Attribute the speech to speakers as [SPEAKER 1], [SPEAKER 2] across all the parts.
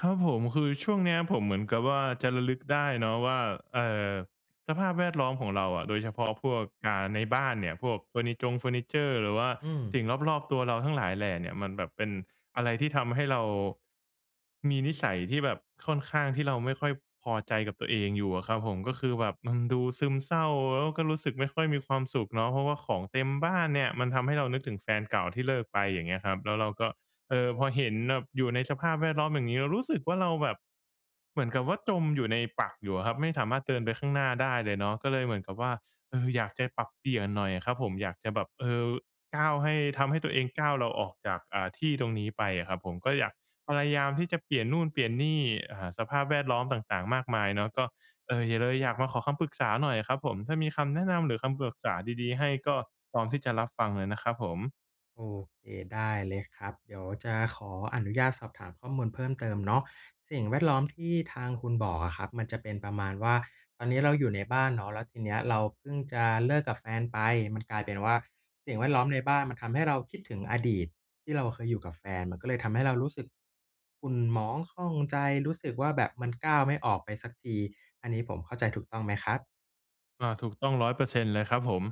[SPEAKER 1] ครับผม คือช่วงเนี้ย ผมเหมือนกับว่าจะระลึกได้เนาะว่า เอ่อ สภาพแวดล้อมของเราอะ โดยเฉพาะพวก อ่า ในบ้านเนี่ย พวกเฟอร์นิจงเฟอร์นิเจอร์ หรือว่า
[SPEAKER 2] อืม
[SPEAKER 1] สิ่งรอบ ๆ ตัวเราทั้งหลายแหล่เนี่ย มันแบบเป็นอะไรที่ทำให้เรา มีนิสัยที่แบบค่อนข้าง ที่เราไม่ค่อยพอใจกับตัวเองอยู่อะครับผม ก็คือแบบมันดูซึมเศร้า แล้วก็รู้สึกไม่ค่อยมีความสุขเนาะ เพราะว่าของเต็มบ้านเนี่ย มันทำให้เรานึกถึงแฟนเก่าที่เลิกไป อย่างเงี้ยครับ แล้วเราก็ เอ่อ พอเห็นแบบอยู่ในสภาพแวดล้อมอย่างงี้ เรารู้สึกว่า เราแบบ เหมือนกับว่าจมอยู่ในปลักอยู่อะครับ ไม่สามารถเดินไปข้างหน้าได้เลยเนาะ ก็เลยเหมือนกับว่า เอ่อ อยากจะปรับเปลี่ยนหน่อยอะครับผม อยากจะแบบ เอ่อ ก้าวให้ ทำให้ตัวเองก้าว เราออกจาก อ่า ที่ตรงนี้ไปอะครับผม ก็อยาก พยายามที่จะเปลี่ยนนู่นเปลี่ยนนี่ อ่า สภาพแวดล้อมต่าง ๆ มากมายเนาะ ก็ เอ่อ อย่า เลยอยากมาขอคำปรึกษาหน่อยอะครับผม ถ้ามีคำแนะนำ หรือคำปรึกษาดี ๆ ให้ก็พร้อมที่จะรับฟังเลยนะครับผม
[SPEAKER 2] โอเค ได้เลยครับ เดี๋ยวจะขออนุญาตสอบถามข้อมูลเพิ่มเติมเนาะ สิ่งแวดล้อมที่ทางคุณบอกอะครับ มันจะเป็นประมาณว่า ตอนนี้เราอยู่ในบ้านเนาะ แล้วทีเนี้ย เราเพิ่งจะเลิกกับแฟนไป มันกลายเป็นว่าสิ่งแวดล้อมในบ้าน มันทำให้เราคิดถึงอดีตที่เราเคยอยู่กับแฟน มันก็เลยทำให้เรารู้สึกขุ่นหมองข้องใจ รู้สึกว่าแบบมันก้าวไม่ออกไปสักที อันนี้ผมเข้าใจถูกต้องไหมครับ?
[SPEAKER 1] อา ถูกต้อง 100% เลยครับผม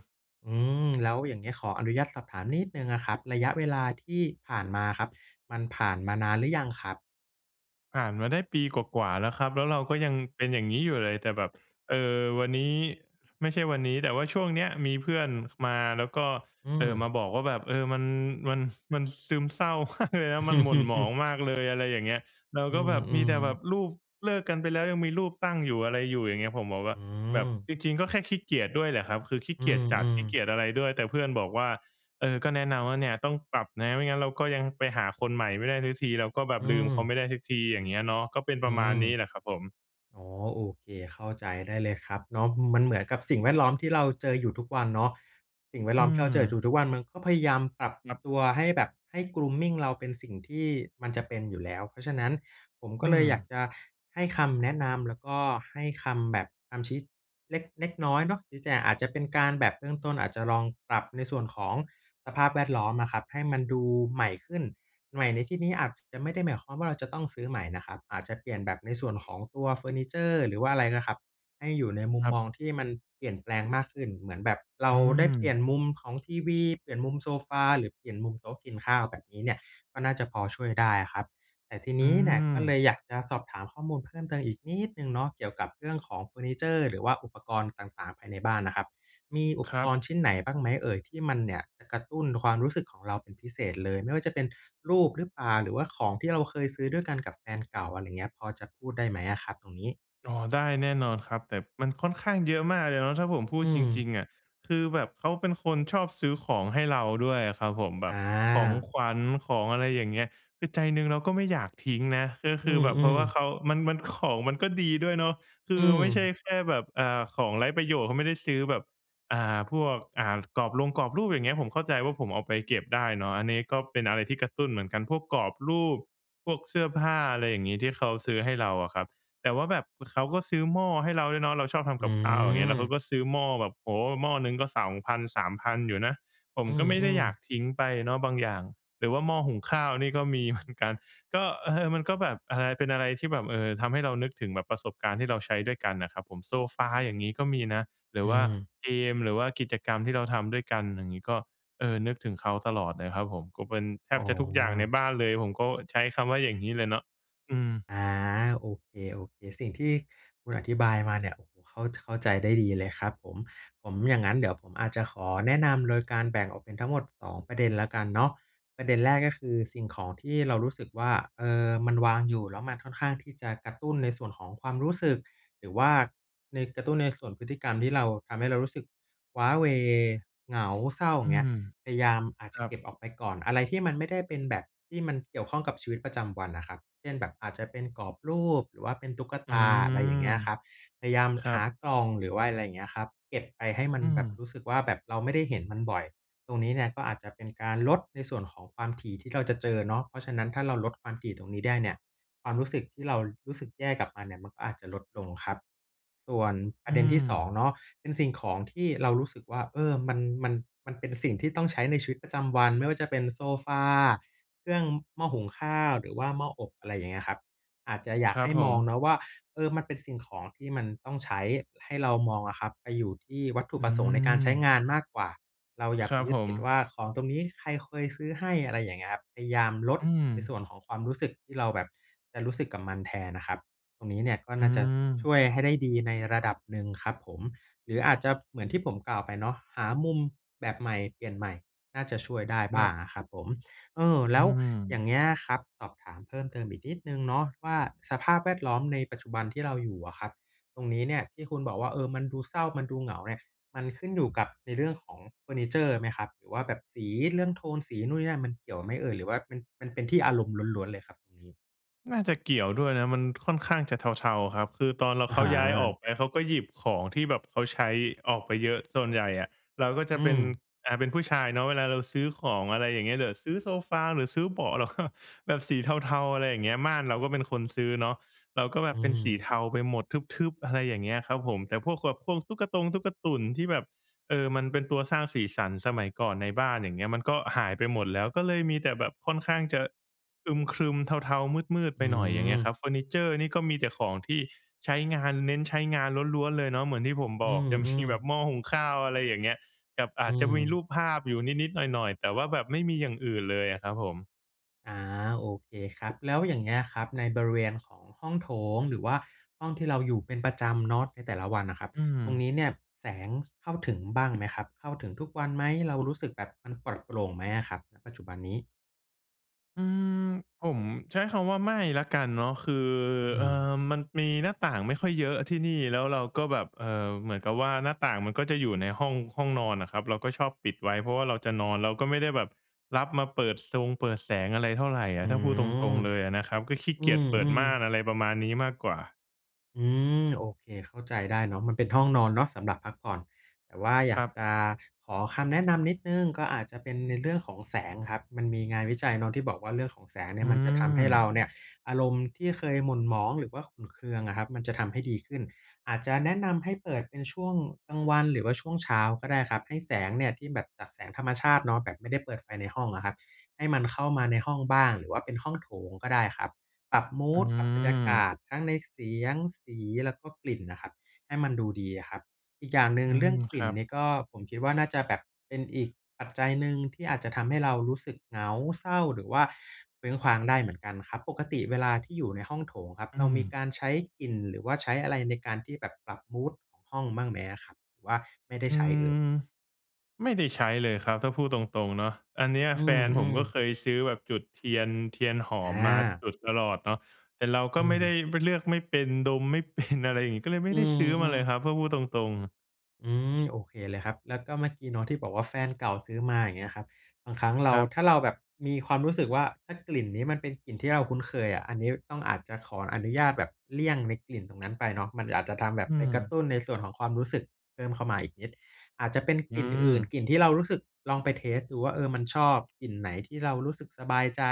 [SPEAKER 2] อืม แล้วอย่างเงี้ยขออนุญาตสอบถามนิดหนึ่งอะครับ ระยะเวลาที่ผ่านมาครับ มันผ่านมานานหรือยังครับ?
[SPEAKER 1] ผ่านมาได้ปีกว่า ๆ แล้วครับ แล้วเราก็ยังเป็นอย่างงี้อยู่เลย แต่แบบ เออ วันนี้ ไม่ใช่วันนี้ แต่ว่าช่วงเนี้ยมีเพื่อนมา แล้วก็
[SPEAKER 2] อื
[SPEAKER 1] เออ มา
[SPEAKER 2] ม
[SPEAKER 1] บอกว่าแบบ "เออ มัน มัน มันซึมเศร้า มากเลยนะ แล้วมันหม่นหมองมากเลย" อะไรอย่างเงี้ย เรา
[SPEAKER 2] อื
[SPEAKER 1] ก็แบบมีแต่แบบ
[SPEAKER 2] อ ๆ
[SPEAKER 1] รูปเลิกกันไปแล้ว ยังมีรูปตั้งอยู่ อะไรอยู่อย่างเงี้ย ผมบอกว่
[SPEAKER 2] อ
[SPEAKER 1] า
[SPEAKER 2] ื
[SPEAKER 1] แบบ
[SPEAKER 2] ม
[SPEAKER 1] จริง ๆ ก็แค่ขี้เกียจด้วยแหละครับ คือขี้
[SPEAKER 2] อื
[SPEAKER 1] เกียจจัด
[SPEAKER 2] อ
[SPEAKER 1] ขี้เก
[SPEAKER 2] ๆ
[SPEAKER 1] ียจอะไรด้วย แต่เพื่อนบอกว่า เออ ก็แนะนำว่า "เนี่ยต้องปรับนะ ไม่งั้นเราก็ยังไปหาคนใหม่ไม่ได้สักที เราก็แบ
[SPEAKER 2] อื
[SPEAKER 1] บลืมเขาไ
[SPEAKER 2] ม
[SPEAKER 1] ม่ได้สักที" อย่างเงี้ยเนาะ ก็เป็นป
[SPEAKER 2] อ
[SPEAKER 1] ระ
[SPEAKER 2] ื
[SPEAKER 1] มาณ
[SPEAKER 2] ม
[SPEAKER 1] นี้แหละครับผม
[SPEAKER 2] อ๋อ โอเค เข้าใจได้เลยครับเนาะ มันเหมือนกับสิ่งแวดล้อมที่เราเจออยู่ทุกวันเนาะ สิ่งแวด
[SPEAKER 1] อื
[SPEAKER 2] ล้อมที่เราเจออยู
[SPEAKER 1] ม
[SPEAKER 2] ่ทุก ๆ วันมันก็พยายามปรับ
[SPEAKER 1] ครับ
[SPEAKER 2] ตัวให้แบบ ให้ grooming เราเป็นสิ่งที่มันจะเป็นอยู่แล้ว เพราะฉะนั้นผมก
[SPEAKER 1] อ
[SPEAKER 2] ็
[SPEAKER 1] ื
[SPEAKER 2] เลยอยาก
[SPEAKER 1] ม
[SPEAKER 2] จะให้คำแนะนำ แล้วก็ให้คำแบบคำชี้ เล็ก เล็กน้อยเนาะ ชี้แจง อาจจะเป็นการแบบเริ่มต้น อาจจะลองปรับในส่วนของสภาพแวดล้อมอะครับ ให้มันดูใหม่ขึ้น ใหม่ในที่นี้อาจจะไม่ได้หมายความว่าเราจะต้องซื้อใหม่นะครับ อาจจะเปลี่ยนแบบในส่วนของตัวเฟอร์นิเจอร์ หรือว่าอะไรนะครับ ให้อยู่ในมุ
[SPEAKER 1] ค
[SPEAKER 2] ม
[SPEAKER 1] รับ
[SPEAKER 2] มองที่มันเปลี่ยนแปลงมากขึ้น เหมือนแบบเร
[SPEAKER 1] อื
[SPEAKER 2] าได้เปลี่ย
[SPEAKER 1] ม
[SPEAKER 2] นมุมของทีวี เปลี่ยนมุมโซฟา หรือเปลี่ยนมุมโต๊ะกินข้าวแบบนี้เนี่ย ก็น่าจะพอช่วยได้อะครับ แต่ที
[SPEAKER 1] อ
[SPEAKER 2] น
[SPEAKER 1] ื
[SPEAKER 2] ี้เนี่ยก็เล
[SPEAKER 1] ม
[SPEAKER 2] ยอยากจะสอบถามข้อมูลเพิ่มเติมอีกนิดหนึ่งเนาะ เกี่ยวกับเรื่องของเฟอร์นิเจอร์ หรือว่าอุปกรณ์ต่าง ๆ ภายในบ้านน่ะครับ มีอุ
[SPEAKER 1] ค
[SPEAKER 2] ป
[SPEAKER 1] รั
[SPEAKER 2] ก
[SPEAKER 1] บ
[SPEAKER 2] รณ์ชิ้นไหนบ้างไหมเอ่ยที่มันเนี่ยจะกระตุ้นความรู้สึกของเราเป็นพิเศษเลย ไม่ว่าจะเป็นรูปหรือเปล่า? หรือว่าของที่เราเคยซื้อด้วยกันกับแฟนเก่า อะไรอย่างเงี้ยพอจะพูดได้ไหมอะครับตรงนี้?
[SPEAKER 1] อ๋อ ได้แน่นอนครับ แต่มันค่อนข้างเยอะมากเลยเนาะ ถ้าผมพู
[SPEAKER 2] อ
[SPEAKER 1] ด
[SPEAKER 2] ื
[SPEAKER 1] จ
[SPEAKER 2] ม
[SPEAKER 1] ริง ๆ อะ คือแบบเขาเป็นคนชอบซื้อของให้เราด้วยอะครับผม แบ
[SPEAKER 2] อ
[SPEAKER 1] บของ
[SPEAKER 2] า
[SPEAKER 1] ขวัญของ อะไรอย่างเงี้ย คือใจหนึ่งเราก็ไม่อยากทิ้งนะ ก็
[SPEAKER 2] อ
[SPEAKER 1] ค
[SPEAKER 2] ื
[SPEAKER 1] ือแบบ เพรา
[SPEAKER 2] ม
[SPEAKER 1] ะว่า
[SPEAKER 2] ๆ
[SPEAKER 1] เขา มัน ๆ ของมันก็ดีด้วยเนาะ คื
[SPEAKER 2] อื
[SPEAKER 1] อไม่ใช่
[SPEAKER 2] ม
[SPEAKER 1] แค่แบบ อ่า ของไร้ประโยชน์เขาไม่ได้ซื้อแบบ อ่า พวก อ่า กรอบรงกรอบรูปอย่างเงี้ย ผมเข้าใจว่าผมเอาไปเก็บได้เนาะ อันนี้ก็เป็นอะไรที่กระตุ้นเหมือนกัน พวกกรอบรูป พวกเสื้อผ้า อะไรอย่างงี้ ที่เขาซื้อให้เราอะครับ แต่ว่าแบบเขาก็ซื้อหม้อให้เราด้วยเนาะ เราชอบท
[SPEAKER 2] อื
[SPEAKER 1] ำกับข้าวอย่างเงี้ย แล้วเขา
[SPEAKER 2] อ
[SPEAKER 1] ก็ซื้อหม้อแบบ โอ้โฮ หม้อหนึ่งก็ 2,000-3,000 อยู่นะ ผม
[SPEAKER 2] อื
[SPEAKER 1] ก็ไม่ได้
[SPEAKER 2] อ
[SPEAKER 1] อยาก
[SPEAKER 2] ๆ
[SPEAKER 1] ทิ้งไปเนาะบางอย่าง หรือว่าหม้อหุงข้าวนี่ก็มี เหมือน กัน ก็ เออ มันก็แบบอะไร เป็นอะไรที่แบบ เออ ทำให้เรานึกถึงแบบประสบการณ์ที่เราใช้ด้วยกันน่ะครับผม โซฟาอย่างงี้ก็มีนะ หรื
[SPEAKER 2] อ
[SPEAKER 1] อ
[SPEAKER 2] ื
[SPEAKER 1] ว่า
[SPEAKER 2] ม
[SPEAKER 1] เกม หรือว่ากิจกรรมที่เราทำด้วยกันอย่างงี้ก็ เออ นึกถึงเขาตลอดเลยครับผม ก็เป็นแท
[SPEAKER 2] อ
[SPEAKER 1] บ
[SPEAKER 2] ๋อ
[SPEAKER 1] จะทุกอย่างในบ้านเลย ผมก็ใช้คำว่าอย่างงี้เลยเนาะ อืม
[SPEAKER 2] อา โอเค ๆ สิ่งที่คุณอธิบายมาเนี่ย โอ้โฮ เข้า เข้าใจได้ดีเลยครับผม ผม อย่างงั้นเดี๋ยวผมอาจจะขอแนะนำโดยการแบ่งออกเป็นทั้งหมด 2 ประเด็นแล้วกันเนาะ ประเด็นแรกก็คือสิ่งของที่เรารู้สึกว่า เอ่อ มันวางอยู่แล้วมันค่อนข้างที่จะกระตุ้นในส่วนของความรู้สึก หรือว่าใน กระตุ้นในส่วนพฤติกรรมที่เรา ทำให้เรารู้สึกว้าเหว่ เหงา เศร้า อย
[SPEAKER 1] อ
[SPEAKER 2] ่
[SPEAKER 1] ื
[SPEAKER 2] างเงี้ย
[SPEAKER 1] ม
[SPEAKER 2] พยายาม อาจ
[SPEAKER 1] ค
[SPEAKER 2] จะ
[SPEAKER 1] รั
[SPEAKER 2] เ
[SPEAKER 1] บ
[SPEAKER 2] ก็บออกไปก่อน อะไรที่มันไม่ได้เป็นแบบ ที่มันเกี่ยวข้องกับชีวิตประจำวันอะครับ เช่นแบบอาจจะเป็นกรอบรูป หรือว่าเป็นตุ๊ก
[SPEAKER 1] อ
[SPEAKER 2] ต
[SPEAKER 1] ื
[SPEAKER 2] า อะไรอย่
[SPEAKER 1] ม
[SPEAKER 2] างเงี้ยครับ พยายาม
[SPEAKER 1] ครั
[SPEAKER 2] หา
[SPEAKER 1] บ
[SPEAKER 2] กล่อง หรือว่าอะไรอย่างเงี้ยครับ เก็บไปให้มัน
[SPEAKER 1] อื
[SPEAKER 2] แบบร
[SPEAKER 1] ม
[SPEAKER 2] ู้สึกว่า แบบเราไม่ได้เห็นมันบ่อย ตรงนี้เนี่ยก็อาจจะเป็นการลด ในส่วนของความถี่ที่เราจะเจอเนาะ เพราะฉะนั้นถ้าเราลดความถี่ตรงนี้ได้เนี่ย ความรู้สึกที่เรารู้สึกแย่กับมันเนี่ย มันก็อาจจะลดลงครับ ส่วนป
[SPEAKER 1] อ
[SPEAKER 2] ร
[SPEAKER 1] ื
[SPEAKER 2] ะเด็นที่ สอ
[SPEAKER 1] ม
[SPEAKER 2] ง เนาะ เป็นสิ่งของที่เรารู้สึกว่า เออ มัน มัน มันเป็นสิ่งที่ต้องใช้ในชีวิตประจำวัน ไม่ว่าจะเป็นโซฟา เครื่อง หม้อหุงข้าว หรือว่าหม้ออบ อะไรอย่างเงี้ยครับ อาจจะอยา
[SPEAKER 1] ค
[SPEAKER 2] ก
[SPEAKER 1] ร
[SPEAKER 2] ใ
[SPEAKER 1] ั
[SPEAKER 2] ห
[SPEAKER 1] บ
[SPEAKER 2] ้
[SPEAKER 1] ผ
[SPEAKER 2] มองเ
[SPEAKER 1] ม
[SPEAKER 2] นาะว่า เออ มันเป็นสิ่งของที่มันต้องใช้ ให้เรามองอะครับ ไปอยู่ที่วัตถุ
[SPEAKER 1] อื
[SPEAKER 2] ประสงค์ในการใช
[SPEAKER 1] ม
[SPEAKER 2] ้งานมากกว่า เราอย่า
[SPEAKER 1] ค
[SPEAKER 2] ไ
[SPEAKER 1] ร
[SPEAKER 2] ป
[SPEAKER 1] ับ
[SPEAKER 2] ยึ
[SPEAKER 1] ผ
[SPEAKER 2] ดติดว
[SPEAKER 1] ม
[SPEAKER 2] ่าของตรงนี้ใครเคยซื้อให้ อะไรอย่างเงี้ยครับ พยายามลด
[SPEAKER 1] อื
[SPEAKER 2] ในส
[SPEAKER 1] ม
[SPEAKER 2] ่วนของความรู้สึกที่เราแบบจะรู้สึกกับมันแทนน่ะครับ ตรงนี้เนี่ยก็
[SPEAKER 1] อื
[SPEAKER 2] น่าจะช่
[SPEAKER 1] ม
[SPEAKER 2] วยให้ได้ดีในระดับหนึ่งครับผม หรืออาจจะ เหมือนที่ผมกล่าวไปเนาะ หามุมแบบใหม่เปลี่ยนใหม่น่าจะช่วยได้
[SPEAKER 1] ค
[SPEAKER 2] บ
[SPEAKER 1] ร
[SPEAKER 2] ้
[SPEAKER 1] ั
[SPEAKER 2] า
[SPEAKER 1] บ
[SPEAKER 2] งอะครับผม เออ แ
[SPEAKER 1] อ
[SPEAKER 2] ล
[SPEAKER 1] ื
[SPEAKER 2] ้วอย่
[SPEAKER 1] ม
[SPEAKER 2] างเงี้ยครับ สอบถามเพิ่มเติมอีกนิดหนึ่งเนาะ ว่าสภาพแวดล้อมในปัจจุบันที่เราอยู่อะครับ ตรงนี้เนี่ยที่คุณบอกว่า เออ มันดูเศร้า มันดูเหงาเนี่ย มันขึ้นอยู่กับในเรื่องของเฟอร์นิเจอร์ไหมครับ หรือว่าแบบสีเรื่องโทนสีนู่นนี่นั่นมันเกี่ยวไหมเอ่ย หรือว่ามัน มันเป็นที่อารมณ์ล้วน ๆ เลยครับตรงนี้?
[SPEAKER 1] น่าจะเกี่ยวด้วยนะ มันค่อนข้างจะเทา ๆ ครับ คือตอนเรา
[SPEAKER 2] อะ
[SPEAKER 1] เข
[SPEAKER 2] ฮ
[SPEAKER 1] าย้ายอ
[SPEAKER 2] ะ
[SPEAKER 1] อกไป เขาก็หยิบของที่แบบเขาใช้ออกไปเยอะ ส่วนใหญ่อะเราก็จ
[SPEAKER 2] อ
[SPEAKER 1] ะ
[SPEAKER 2] ื
[SPEAKER 1] เป็น
[SPEAKER 2] ม
[SPEAKER 1] อ่า เป็นผู้ชายเนาะ เวลาเราซื้อของ อะไรอย่างเงี้ย เดี๋ยวซื้อโซฟาหรือซื้อเบาะ เราก็ แบบสีเทา ๆ อะไรอย่างเงี้ย ม่านเราก็เป็นคนซื้อเนาะ เราก็แบ
[SPEAKER 2] อื
[SPEAKER 1] บเป็นสี
[SPEAKER 2] ม
[SPEAKER 1] เทาไปหมด ทึบ ๆ อะไรอย่างเงี้ยครับผม แต่พวกขวบพวงตุ๊กตงตุ๊กตุ่นที่แบบ เออ มันเป็นตัวสร้างสีสันสมัยก่อนในบ้าน อย่างเงี้ย มันก็หายไปหมดแล้ว ก็เลยมีแต่แบบค่อนข้างจะ อึมครึม เทา ๆ มืด
[SPEAKER 2] อ
[SPEAKER 1] ๆ ไ
[SPEAKER 2] ื
[SPEAKER 1] ปหน่อย อย่างเงี้ยคร
[SPEAKER 2] ม
[SPEAKER 1] ับ เฟอร์นิเชอร์นี่ก็มีแต่ของที่ใช้งาน เน้นใช้งานล้วน ๆ เลยเนาะ เหมือนที่ผม
[SPEAKER 2] อ
[SPEAKER 1] บ
[SPEAKER 2] ื
[SPEAKER 1] อก จะมี
[SPEAKER 2] ม
[SPEAKER 1] แบ
[SPEAKER 2] ๆ
[SPEAKER 1] บหม้อหุงข้าว อะไรอย่างเงี้ย กับอ
[SPEAKER 2] อ
[SPEAKER 1] า
[SPEAKER 2] ื
[SPEAKER 1] จจะมีรู
[SPEAKER 2] ม
[SPEAKER 1] ปภาพอยู่นิด ๆ หน่อย ๆ แต่ว่าแบบไม่มีอย่างอื่นเลยอะครับผม
[SPEAKER 2] อา โอเคครับ แล้วอย่างเงี้ยครับในบริเวณของห้องโถง หรือว่าห้องที่เราอยู่เป็นประจำเนาะ ในแต่ละวันน่ะครับ
[SPEAKER 1] อื
[SPEAKER 2] ตรง
[SPEAKER 1] ม
[SPEAKER 2] นี้เนี่ยแสงเข้าถึงบ้าง ไหมครับ? เข้าถึงทุกวันไหม? เรารู้สึกแบบ มันปลอดโปร่งไหมอะครับ ณ ปัจจุบันนี้?
[SPEAKER 1] อืม ผมใช้คำว่าไม่แล้วกันเนาะ คือ
[SPEAKER 2] อื
[SPEAKER 1] เออ
[SPEAKER 2] ม
[SPEAKER 1] มันมีหน้าต่างไม่ค่อยเยอะที่นี่ แล้วเราก็แบบ เอ่อ เหมือนกับว่าหน้าต่างมันก็จะอยู่ในห้อง ห้องนอนน่ะครับ เราก็ชอบปิดไว้ เพราะว่าเราจะนอน เราก็ไม่ได้แบบรับมาเปิดซงเปิดแสงอะไรเท่าไรอ
[SPEAKER 2] อ
[SPEAKER 1] ะ
[SPEAKER 2] ื
[SPEAKER 1] ถ้าพูดตร
[SPEAKER 2] ม
[SPEAKER 1] ง ๆ เลยอะนะครับ ก็ขี้
[SPEAKER 2] อ
[SPEAKER 1] เ
[SPEAKER 2] ื
[SPEAKER 1] กียจเปิดม
[SPEAKER 2] ม
[SPEAKER 1] ่าน
[SPEAKER 2] ๆ
[SPEAKER 1] อะไรประมาณนี้มากกว่า
[SPEAKER 2] อืม โอเค เข้าใจได้เนาะ มันเป็นห้องนอนเนาะสำหรับพักผ่อน แต่ว่าอย
[SPEAKER 1] ค
[SPEAKER 2] า
[SPEAKER 1] รั
[SPEAKER 2] ก
[SPEAKER 1] บ
[SPEAKER 2] จะขอคำแนะนำนิดหนึ่ง ก็อาจจะเป็นในเรื่องของแสงครับ มันมีงานวิจัยเนาะ ที่บอกว่าเรื่องของแสงเน
[SPEAKER 1] อ
[SPEAKER 2] ี่
[SPEAKER 1] ื
[SPEAKER 2] ย มันจะทำให้เร
[SPEAKER 1] ม
[SPEAKER 2] าเนี่ย อารมณ์ที่เคยหม่นหมองหรือว่าขุ่นเคืองอะครับ มันจะทำให้ดีขึ้น อาจจะแนะนำให้เปิดเป็นช่วงกลางวัน หรือว่าช่วงเช้าก็ได้ครับ ให้แสงเนี่ย ที่แบบจากแสงธรรมชาติเนาะ แบบไม่ได้เปิดไฟในห้องอะครับ ให้มันเข้ามาในห้องบ้าง หรือว่าเป็นห้องโถงก็ได้ครับ ปรับมู
[SPEAKER 1] อื
[SPEAKER 2] ด ปรับบรรยากา
[SPEAKER 1] ม
[SPEAKER 2] ศ ทั้งในเสียง สี แล้วก็กลิ่นน่ะครับ ให้มันดูดีอะครับ อีกอย่างหนึ่
[SPEAKER 1] อ
[SPEAKER 2] ง
[SPEAKER 1] ื
[SPEAKER 2] เรื่อ
[SPEAKER 1] ม
[SPEAKER 2] งกล
[SPEAKER 1] ค
[SPEAKER 2] ิ่
[SPEAKER 1] ร
[SPEAKER 2] น
[SPEAKER 1] ับ
[SPEAKER 2] นี่ก็ ผมคิดว่าน่าจะแบบเป็นอีกปัจจัยหนึ่ง ที่อาจจะทำให้เรารู้สึกเหงา เศร้า หรือว่าเคว้งคว้างได้เหมือนกันครับ ปกติเวลาที่อยู่ในห้องโถงครับ
[SPEAKER 1] อื
[SPEAKER 2] เรามี
[SPEAKER 1] ม
[SPEAKER 2] การใช้กลิ่น หรือว่าใช้อะไรในการที่แบบปรับมูดของห้องบ้างไหมอะครับ? หรือว่าไม่ได
[SPEAKER 1] อ
[SPEAKER 2] ้
[SPEAKER 1] ื
[SPEAKER 2] ใช้เ
[SPEAKER 1] ม
[SPEAKER 2] อ่ย?
[SPEAKER 1] ไม่ได้ใช้เลยครับ ถ้าพูดตรง ๆ เนาะ อันเนี้ย
[SPEAKER 2] อื
[SPEAKER 1] แฟนผม
[SPEAKER 2] ม
[SPEAKER 1] ก็
[SPEAKER 2] ๆ
[SPEAKER 1] เคยซื้อแบบจุดเทียน เทียนหอ
[SPEAKER 2] อ
[SPEAKER 1] มมา
[SPEAKER 2] า
[SPEAKER 1] จุดตลอดเนาะ แต่เราก
[SPEAKER 2] อ
[SPEAKER 1] ็
[SPEAKER 2] ื
[SPEAKER 1] ไม่ได้
[SPEAKER 2] ม
[SPEAKER 1] ไม่ เลือกไม่เป็นดมไม่ เป็น อะไรอย่างงี้ ก็เลยไม
[SPEAKER 2] อ
[SPEAKER 1] ่
[SPEAKER 2] ื
[SPEAKER 1] ได้ซื้อมาเ
[SPEAKER 2] ม
[SPEAKER 1] ลย
[SPEAKER 2] ๆ
[SPEAKER 1] ครับ ถ้าพูดตรง ๆ
[SPEAKER 2] อืม โอเคเลยครับ แล้วก็เมื่อกี้เนาะที่บอกว่า แฟน เก่าซื้อมา อย่างเงี้ยครับ บางครั้งเร
[SPEAKER 1] ค
[SPEAKER 2] า
[SPEAKER 1] รับ
[SPEAKER 2] ถ้าเรา แบบมีความรู้สึกว่า ถ้ากลิ่นนี้มันเป็นกลิ่นที่เราคุ้นเคยอะ อันนี้ ต้องอาจจะขออนุญาตแบบเลี่ยงในกลิ่นตรงนั้นไปเนาะ มันอาจ จะทำแบบ
[SPEAKER 1] อื
[SPEAKER 2] ไปกระ
[SPEAKER 1] ม
[SPEAKER 2] ตุ้นในส่วนของความรู้สึกเพิ่มเข้ามาอีก นิด อาจจะเป็น
[SPEAKER 1] อ
[SPEAKER 2] ก
[SPEAKER 1] ื
[SPEAKER 2] ลิ่นอื่น
[SPEAKER 1] ม
[SPEAKER 2] กลิ่นที่เรารู้สึก ลองไปเทสต์ดูว่า เออ มัน ชอบกลิ่นไหน ที่เรารู้สึกสบายใจ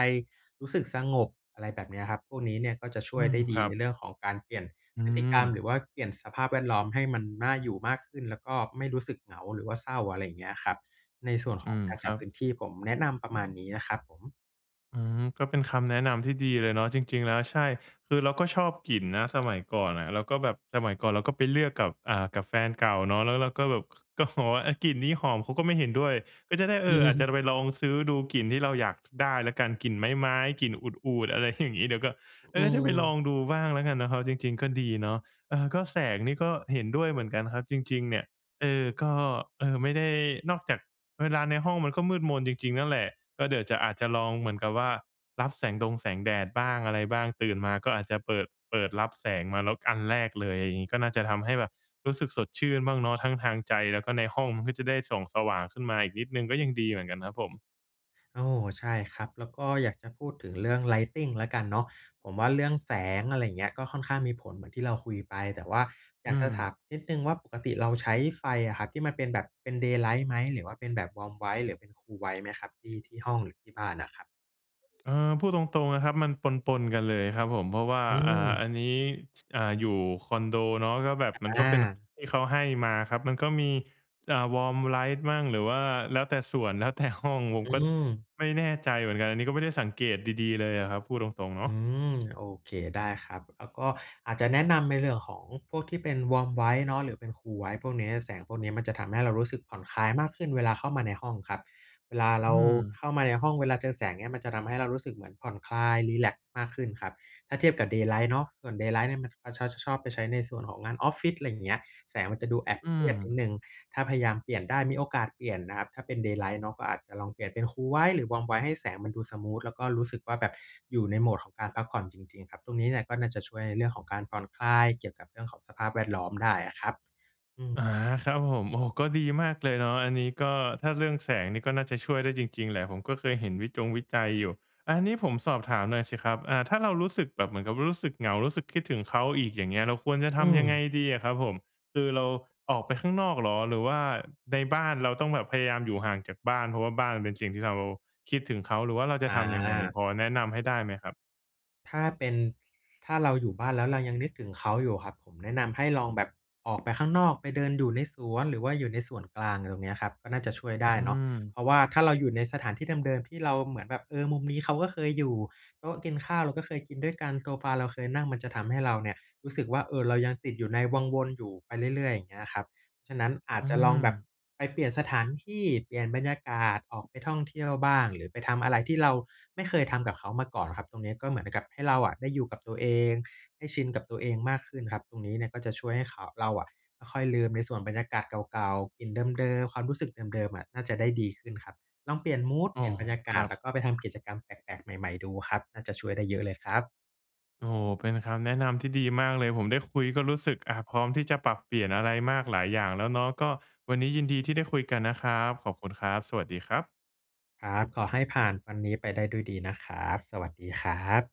[SPEAKER 2] รู้สึกสงบ อะไรแบบเนี้ยครับ พวกนี้เนี่ยก็จะช่
[SPEAKER 1] อื
[SPEAKER 2] วย
[SPEAKER 1] ม
[SPEAKER 2] ได้ด
[SPEAKER 1] ค
[SPEAKER 2] ี
[SPEAKER 1] รั
[SPEAKER 2] ใ
[SPEAKER 1] บ
[SPEAKER 2] นเรื่องของการเปลี่ยน
[SPEAKER 1] อื
[SPEAKER 2] พฤติกรรม
[SPEAKER 1] ม
[SPEAKER 2] หรือว่าเปลี่ยนสภาพแวดล้อมให้มันน่าอยู่มากขึ้น แล้วก็ไม่ รู้สึกเหงาหรือว่าเศร้า อะไรอย่างเงี้ยครับ ในส่วนข
[SPEAKER 1] อื
[SPEAKER 2] อง
[SPEAKER 1] ม
[SPEAKER 2] การ
[SPEAKER 1] ค
[SPEAKER 2] จั
[SPEAKER 1] รั
[SPEAKER 2] ด
[SPEAKER 1] บ
[SPEAKER 2] พื้นที่ผมแนะนำประมาณ นี้นะครับผม
[SPEAKER 1] อืม ก็เป็นคำแนะนำที่ดีเลยเนาะ จริง ๆ แล้ว ใช่ คือเราก็ชอบกลิ่นนะ สมัยก่อนอะ แล้วก็แบบสมัยก่อนเราก็ไปเลือกกับ อ่า กับแฟนเก่าเนาะ แล้วเราก็แบบ ก็บอก ว่า "อะ กลิ่นนี้หอม" เขาก็ไม่เห็นด้วย ก็จะได้ เออ อาจจะไปลองซื้อดู กลิ่นที่เราอยากได้แล้วกัน กลิ่นไม้ ๆ กลิ่น عود عود อะไรอย่างงี้ เดี๋ยวก็ เ
[SPEAKER 2] อ
[SPEAKER 1] ออ จะไปล
[SPEAKER 2] ืม
[SPEAKER 1] องดูบ้างแล้วกันนะครับ จริง ๆ ก็ดีเนาะ เออ ก็แสงนี้ก็เห็นด้วยเหมือนกันครับ จริง ๆ เนี่ย เออ ก็ เออ ไม่ได้ นอกจากเวลาในห้องมันก็มืดมนจริง ๆ นั่นแหละ ก็เดี๋ยวจะ อาจจะลองเหมือนกับว่า รับแสงดงแสงแดดบ้างอะไรบ้าง ตื่นมาก็อาจจะเปิด เปิดรับแสงมาแล้วอันแรกเลย อย่างงี้ ก็น่าจะทำให้แบบรู้สึกสดชื่นบ้างเนาะ ทั้งทางใจ แล้วก็ในห้องมันก็จะได้ส่องสว่างขึ้นมาอีกนิดหนึ่งก็ยังดีเหมือนกันครับผม
[SPEAKER 2] โอ้โฮ ใช่ครับ แล้วก็อยากจะพูดถึงเรื่อง lighting ละกันเนาะ ผมว่าเรื่องแสง อะไรอย่างเงี้ย ก็ค่อนข้างมีผลเหมือนที่เราคุยไป แต่ว่าอย
[SPEAKER 1] อ
[SPEAKER 2] า
[SPEAKER 1] ื
[SPEAKER 2] กจะถา
[SPEAKER 1] ม
[SPEAKER 2] มนิดหนึ่งว่า ปกติเราใช้ไฟอะครับที่มันเป็นแบบเป็น daylight ไหม หรือว่าเป็นแบบ warm white หรือเป็น cool white ไหมครับ ที่ ที่ห้องหรือที่บ้านอะครับ?
[SPEAKER 1] เออ พูดตรง ๆ นะครับ มันปน ๆ กันเลยครับผม เพราะว่า
[SPEAKER 2] อื
[SPEAKER 1] อ่า
[SPEAKER 2] ม
[SPEAKER 1] อันนี้ ช อ่า อยู่คอนโดเนาะ ก็แบบมัน
[SPEAKER 2] อ
[SPEAKER 1] ก็เป็น
[SPEAKER 2] า
[SPEAKER 1] ที่เขาให้มาครับ มันก็มี อะ warm light มั่ง หรือว่าแล้วแต่ส่วน แล้วแต่ห้อง ผม
[SPEAKER 2] อื
[SPEAKER 1] ก็
[SPEAKER 2] ม
[SPEAKER 1] ไม่แน่ใจเหมือนกัน อันนี้ก็ไม่ได้สังเกตดี ๆ เลยอะครับ พูดตรง ๆ เนา
[SPEAKER 2] อ
[SPEAKER 1] ะ
[SPEAKER 2] ืม โอเค ได้ครับ แล้วก็อาจจะแนะนำในเรื่องของพวกที่เป็น warm white เนาะ หรือเป็น cool white พวกนี้ แสงพวกเนี้ยมันจะทำให้เรารู้สึกผ่อนคลายมากขึ้นเวลาเข้ามาในห้องครับ เวลาเร
[SPEAKER 1] อื
[SPEAKER 2] าเ
[SPEAKER 1] ม
[SPEAKER 2] ข้ามาในห้อง เวลาเจอแสงเนี้ยมันจะทำให้เรารู้สึกเหมือนผ่อนคลาย รีแลกซ์มากขึ้นครับ ถ้าเทียบกับ daylight เนาะ ส่วน daylight เนี่ยมัน เขา ช ชอ ชอบไปใช้ในส่วนของงานออฟฟิศ อะไรอย่างเงี้ย แสงมันจะดูแอบ
[SPEAKER 1] อื
[SPEAKER 2] เครียดนิด
[SPEAKER 1] ม
[SPEAKER 2] หนึ่ง ถ้าพยายามเปลี่ยนได้ มีโอกาสเปลี่ยนนะครับ ถ้าเป็น daylight เนาะ ก็อาจจะลองเปลี่ยนเป็น cool white หรือ warm white ให้แสงมันดูสมูท แล้วก็รู้สึกว่าแบบอยู่ในโหมดของการพักผ่อนจริง ๆ ครับ ตรงนี้เนี่ยก็น่าจะช่วยในเรื่องของการผ่อนคลาย เกี่ยวกับเรื่องของสภาพแวดล้อมได้อะครับ อืม
[SPEAKER 1] อา ครับผม โอ้โฮ ก็ดีมากเลยเนาะ อันนี้ก็ ถ้าเรื่องแสงนี่ก็น่าจะช่วยได้จริง ๆ แหละ ผมก็เคยเห็นวิจงวิจัยอยู่ อันนี้ผมสอบถามหน่อยสิครับ อ่า ถ้าเรารู้สึกแบบเหมือนกับว่ารู้สึกเหงา รู้สึกคิดถึงเขาอีกอย่างเงี้ย เราควรจะ
[SPEAKER 2] อ
[SPEAKER 1] ท
[SPEAKER 2] ื
[SPEAKER 1] ำยังไง
[SPEAKER 2] ม
[SPEAKER 1] ดีอะครับผม? คือเราออกไปข้างนอกเหรอ? หรือว่าในบ้านเราต้องแบบพยายามอยู่ห่างจากบ้าน เพราะว่าบ้านมันเป็นสิ่งที่เราคิดถึงเขา หรือว่าเราจะทำยังไง
[SPEAKER 2] อา
[SPEAKER 1] พอแนะนำให้ได้ไหมครับ?
[SPEAKER 2] ถ้าเป็น ถ้าเราอยู่บ้าน แล้วเรายังนึกถึงเขาอยู่อะครับ ผมแนะนำให้ลองแบบออกไปข้างนอก ไปเดินอยู่ในสวน หรือว่าอยู่ในส่วนกลาง อะไรตรงเนี้ยครับ ก็น่าจะช่วยได้
[SPEAKER 1] อื
[SPEAKER 2] เนาะ เ
[SPEAKER 1] ม
[SPEAKER 2] พราะว่าถ้าเราอยู่ในสถานที่เดิม ๆ ที่เราเหมือนแบบ เออ มุมนี้เขาก็เคยอยู่ โต๊ะกินข้าวเราก็เคยกินด้วยกัน โซฟาเราเคยนั่ง มันจะทำให้เราเนี่ยรู้สึกว่า เออ เรายังติดอยู่ในวังวนอยู่ไปเรื่อย ๆ อย่างเงี้ยครับ ฉะนั้นอา
[SPEAKER 1] อ
[SPEAKER 2] จ
[SPEAKER 1] ื
[SPEAKER 2] จะลองแบบ
[SPEAKER 1] ม
[SPEAKER 2] ไปเปลี่ยนสถานที่ เปลี่ยนบรรยากาศ ออกไปท่องเที่ยวบ้าง หรือไปทำอะไรที่เราไม่เคยทำกับเขามาก่อนอะครับ ตรงเนี้ยก็เหมือนกับให้เราอะได้อยู่กับตัวเอง ได้ชินกับตัวเองมากขึ้นครับ ตรงนี้เนี่ยก็จะช่วยให้เขา เราอะค่อย ๆ ลืมในส่วนบรรยากาศเก่า ๆ กลิ่นเดิม ๆ ความรู้สึกเดิม ๆ อะน่าจะได้ดีขึ้นครับ ลองเปลี่ยนมูด
[SPEAKER 1] อ
[SPEAKER 2] เ
[SPEAKER 1] ๋
[SPEAKER 2] ป
[SPEAKER 1] อ
[SPEAKER 2] ลี่ยนบรรยาก
[SPEAKER 1] ค
[SPEAKER 2] า
[SPEAKER 1] ร
[SPEAKER 2] ศ
[SPEAKER 1] ับ
[SPEAKER 2] แล้วก็ไปทำกิจกรรมแปลก ๆ ใหม่ ๆ ดูครับ น่าจะช่วยได้เยอะเลยครับ
[SPEAKER 1] โอ้โฮ เป็นคำแนะนำที่ดีมากเลย ผมได้คุยก็รู้สึก อะ พร้อมที่จะปรับเปลี่ยนอะไรมากหลายอย่างแล้วเนาะ ก็วันนี้ยินดีที่ได้คุยกันนะครับ ขอบคุณครับ สวัสดีครับ
[SPEAKER 2] ครับ ขอให้ผ่านวันนี้ไปได้ด้วยดีนะครับ สวัสดีครับ